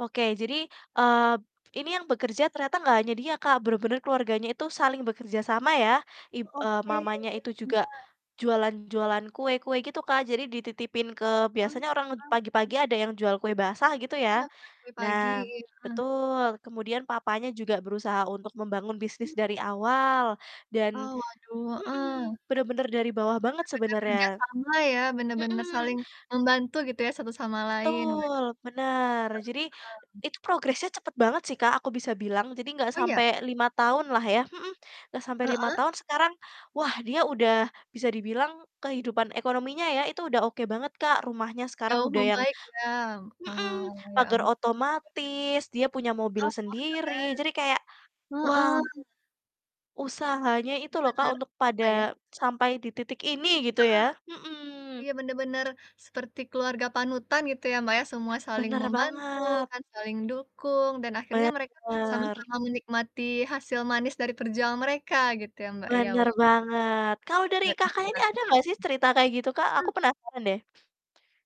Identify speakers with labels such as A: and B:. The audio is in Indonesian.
A: Oke, jadi, eee, ini yang bekerja ternyata nggak hanya dia Kak, benar-benar keluarganya itu saling bekerja sama ya, ib eee,
B: Oke, iya
A: mamanya itu juga,
B: benar.
A: jualan jualan kue-kue gitu Kak, jadi dititipin ke
B: Ah,
A: biasanya orang
B: heeh.
A: pagi-pagi ada yang jual kue basah gitu
B: Iya,
A: ya.
B: kue-kue pagi
A: Nah,
B: iya, heeh.
A: betul kemudian papanya juga berusaha untuk membangun bisnis
B: Iya.
A: dari awal dan
B: Oh waduh,
A: mhm,
B: heeh.
A: benar-benar dari bawah banget
B: Benar-benar kerja
A: sebenarnya,
B: sama ya bener-bener
A: mhm.
B: saling membantu gitu ya, satu sama lain waduh.
A: Betul bener, jadi,
B: Mhm.
A: itu progresnya cepet banget sih Kak, aku bisa bilang, jadi gak
B: Oh ya?
A: sampai 5 tahun lah ya mhm, gak sampai 5
B: Heeh?
A: tahun sekarang, wah dia udah bisa dibilang kehidupan ekonominya ya, itu udah oke banget Kak, rumahnya sekarang
B: Jauh
A: udah yang
B: membaik ya, heeh
A: mhm,
B: heeh, ya am
A: pagar otomatis dia punya mobil
B: Oh,
A: sendiri, jadi kayak
B: wah keren,
A: wow
B: heeh.
A: usahanya itu
B: Iya
A: loh Kak,
B: bener,
A: untuk
B: apa ya.
A: pada sampai di titik ini gitu
B: Heeh,
A: ya, mhm.
B: iya bener-bener seperti keluarga panutan gitu ya Mbak, ya, semua saling
A: Benar
B: membantu
A: banget.
B: kan, saling mendukung dan akhirnya mereka
A: Benar.
B: sama-sama menikmati hasil manis dari perjuangan mereka gitu ya, Mbak, ya,
A: Bener
B: wah.
A: banget kalau dari
B: Dan
A: Kakaknya ini
B: ibaratnya
A: ada nggak sih cerita kayak gitu Kak, aku
B: mhm.
A: penasaran deh?